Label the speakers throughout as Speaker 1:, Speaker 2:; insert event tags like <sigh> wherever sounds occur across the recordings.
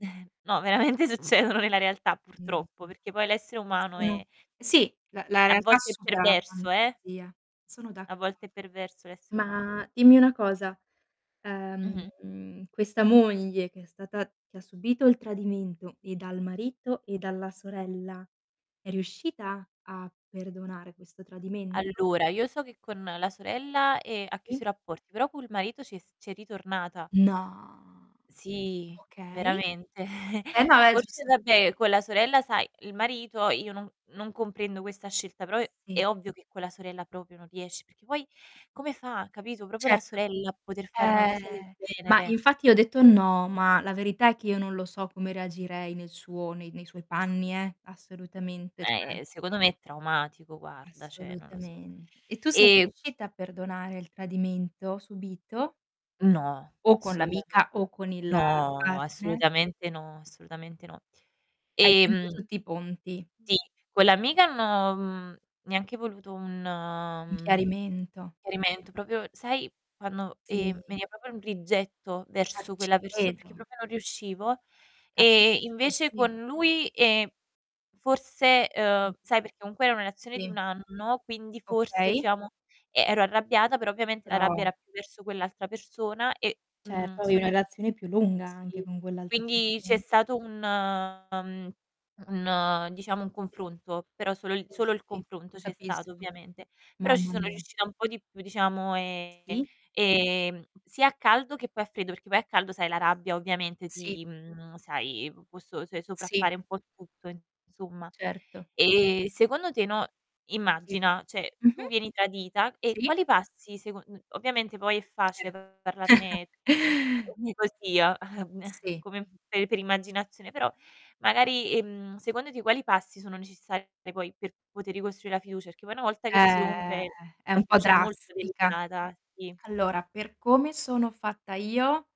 Speaker 1: <chuckles> No, veramente succedono nella realtà
Speaker 2: No,
Speaker 1: purtroppo,
Speaker 2: ah.
Speaker 1: perché poi l'essere umano
Speaker 2: No.
Speaker 1: è
Speaker 2: Sì, la la
Speaker 1: a
Speaker 2: realtà
Speaker 1: volte è
Speaker 2: supera la
Speaker 1: perverso, eh.
Speaker 2: fantasia, sono
Speaker 1: A volte è
Speaker 2: d'accordo.
Speaker 1: perverso l'essere umano.
Speaker 2: Ma, dimmi una cosa,
Speaker 1: Mh-mh.
Speaker 2: ehm, questa moglie che è stata che ha subito il tradimento e dal marito e dalla sorella, è riuscita a perdonare questo tradimento?
Speaker 1: Allora, io so che con la sorella, ehm, ha chiuso
Speaker 2: Sì.
Speaker 1: i rapporti, però col marito c'è s c'è ritornata.
Speaker 2: No.
Speaker 1: Sì,
Speaker 2: Okay.
Speaker 1: veramente.
Speaker 2: Eh
Speaker 1: <chuckles>
Speaker 2: no, è
Speaker 1: Forse
Speaker 2: giusto.
Speaker 1: vabbè, con la sorella sai il marito io no non comprendo questa scelta, però
Speaker 2: Sì.
Speaker 1: è ovvio che con la sorella proprio non riesc perché poi come fa, capito. Proprio la
Speaker 2: Certo.
Speaker 1: sorella a poter fare una
Speaker 2: Ehm,
Speaker 1: cosa del
Speaker 2: ma
Speaker 1: genere.
Speaker 2: infatti ho detto: "No", ma la verità è che io non lo so come reagirei nel suo nei nei suoi panni, eh, assolutamente,
Speaker 1: Eh,
Speaker 2: cioè.
Speaker 1: eh, secondo me è traumatico, guarda, cioè, non lo so.
Speaker 2: Assolutamente. E tu sei
Speaker 1: Ehm
Speaker 2: riuscita a perdonare il tradimento subìto?
Speaker 1: No,
Speaker 2: O con
Speaker 1: assolutamen
Speaker 2: l'amica o con il
Speaker 1: no,
Speaker 2: partner?
Speaker 1: assolutamente no, assolutamente no.
Speaker 2: Hai chiuso
Speaker 1: Ehm
Speaker 2: tutti i ponti.
Speaker 1: Sì, con l'amica hanno mhmm, neanche voluto un,
Speaker 2: Un
Speaker 1: mhmm,
Speaker 2: chiarimento.
Speaker 1: chiarimento, proprio sai quando, ehm,
Speaker 2: Sì.
Speaker 1: veniva proprio un rigetto
Speaker 2: Ah,
Speaker 1: verso
Speaker 2: ci
Speaker 1: quella perso perché
Speaker 2: credo.
Speaker 1: proprio non riuscivo. E
Speaker 2: Capisco,
Speaker 1: invece
Speaker 2: sì.
Speaker 1: con lui, ehm, forse, uhm,
Speaker 2: Mh.
Speaker 1: sai perché comunque era una relazione di
Speaker 2: Sì.
Speaker 1: 1 anno, quindi forse
Speaker 2: Okay.
Speaker 1: diciamo e ero arrabbiata, però ovviamente la rabbia
Speaker 2: Brava.
Speaker 1: era più verso quell'altra persona e, mhmm,
Speaker 2: Certo, avevi una
Speaker 1: sono ri
Speaker 2: relazione più lunga
Speaker 1: Sì,
Speaker 2: anche con quell'altra
Speaker 1: quindi c'è
Speaker 2: persona.
Speaker 1: stato un ehm, un diciamo un
Speaker 2: Sì,
Speaker 1: confronto, però solo il
Speaker 2: sì,
Speaker 1: solo il
Speaker 2: sì,
Speaker 1: confronto c'è stato
Speaker 2: capisco.
Speaker 1: ovviamente. Però ci
Speaker 2: Mamma
Speaker 1: sono
Speaker 2: mia.
Speaker 1: riuscita un po' di più, diciamo, ehm,
Speaker 2: Sì.
Speaker 1: ehm, sia a caldo che poi a freddo, perché poi a caldo sai la rabbia ovviamente
Speaker 2: Sì.
Speaker 1: ti mhmm, sai, p può so se
Speaker 2: Sì.
Speaker 1: sopraffare un po' tutto, insomma.
Speaker 2: Certo.
Speaker 1: Ehm, secondo te, no,
Speaker 2: Sì.
Speaker 1: immagina, cioè, tu
Speaker 2: Mh-mh.
Speaker 1: vieni tradita e
Speaker 2: Sì.
Speaker 1: quali passi secon ovviamente poi è
Speaker 2: Eh.
Speaker 1: facile
Speaker 2: <chuckles>
Speaker 1: parlarne <unintelligible> così, uhm, <chuckles>
Speaker 2: Sì.
Speaker 1: come pe per immaginazione, però magari,
Speaker 2: <unintelligible>
Speaker 1: ehm, secondo te quali passi sono necessari poi per poter ricostruì la fiducia? Perché poi una volta che si
Speaker 2: Eh,
Speaker 1: rompe
Speaker 2: è
Speaker 1: la
Speaker 2: un po'
Speaker 1: fiducia è molto
Speaker 2: drastica.
Speaker 1: delicata, sì.
Speaker 2: Allora, per come sono fatta io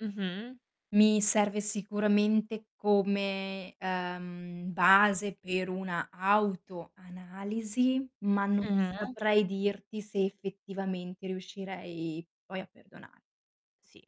Speaker 1: Mh-mh.
Speaker 2: mi serve sicuramente come, uhm, base per una autoanalisi, ma non
Speaker 1: Mh-mh.
Speaker 2: saprei dirti se effettivamente riuscirei poi a perdona
Speaker 1: Sì.